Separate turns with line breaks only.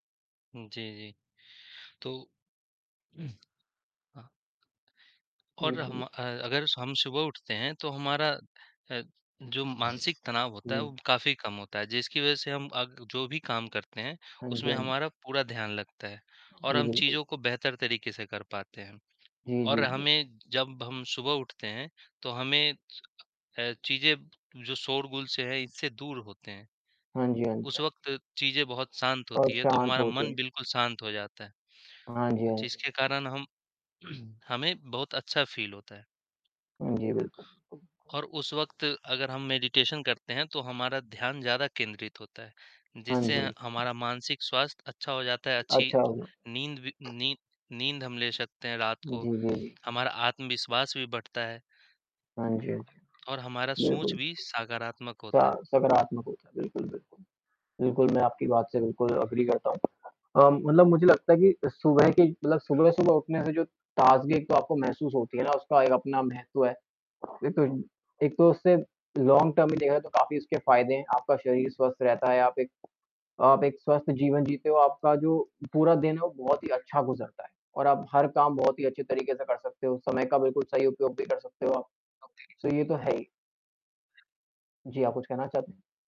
उम, जी, जी, तो हाँ।
जी,
और हम
बोलिए।
अ, अगर स हम सुबह उठते हैं, तो हमारा अ, जो मानसिक तनाव होता है
जी।
वो काफ़ी कम होता है, जिसकी वजह से हम अग जो भी काम करते हैं,
हाँ जी,
उसमें
हाँ।
हमारा पूरा ध्यान लगता है और
जी,
हम
बिल्कुल।
चीज़ों को बेहतर तरीके से कर पाते हैं।
जी, जी,
और
जी।
हमें जब हम सुबह उठते हैं, तो हमें स अ, चीज़ें जो शोरगुल से है इससे दूर होते हैं।
हाँ जी, हाँ जी,
उस
हाँ जी।
वक़्त चीजें बहुत शांत
और
होती है तो
शांत
हमारा
होते
मन
हैं।
बिल्कुल शांत हो जाता है।
हाँ जी,
अ,
हाँ जी।
जिसके कारण हम हमें बहुत अच्छा फ़ील होता है।
जी, बिल्कुल, तो
और उस वक़्त अगर हम मेडिटेशन करते हैं, तो हमारा ध्यान ज़्यादा केंद्रित होता है।
हाँ
जिससे अ,
जी, हुँ।
हमारा मानसिक स्वास्थ्य अच्छा हो जाता है, अच्छी
अच्छा हुआ।
नींद वी नी नींद हम ले सकते हैं रात
जी,
को,
जी, जी।
हमारा आत्मविश्वास भी बढ़ता है।
हाँ जी, हाँ जी, हाँ
और हमारा
जी,
सोच
बिल्कुल।
भी सकारात्मक होता
सा
है।
सकारात्मक होता है बिल्कुल, बिल्कुल। बिल्कुल मैं आपकी बात से बिल्कुल एग्री करता हूँ अ, मतलब मुझे लगता है कि सुबह की मतलब सुबह-सुबह उठने से जो ताजगी एक तो आपको महसूस होती है ना, उसका एक अपना महत्व है। एक तो इ एक तो उससे लॉन्ग टर्म में देखा जाए तो काफ़ी उसके फ़ायदे हैं, आपका शरीर स्वस्थ रहता है, आप एक आप एक स्वस्थ जीवन जीते हो, आपका जो पूरा दिन है वो बहुत ही अच्छा गुज़रता है और आप हर काम बहुत ही अच्छे तरीके से कर सकते हो, समय का बिल्कुल सही उपयोग भी कर सकते हो आप। तो ये तो है ही। जी, आप कुछ कहना चाहते हैं?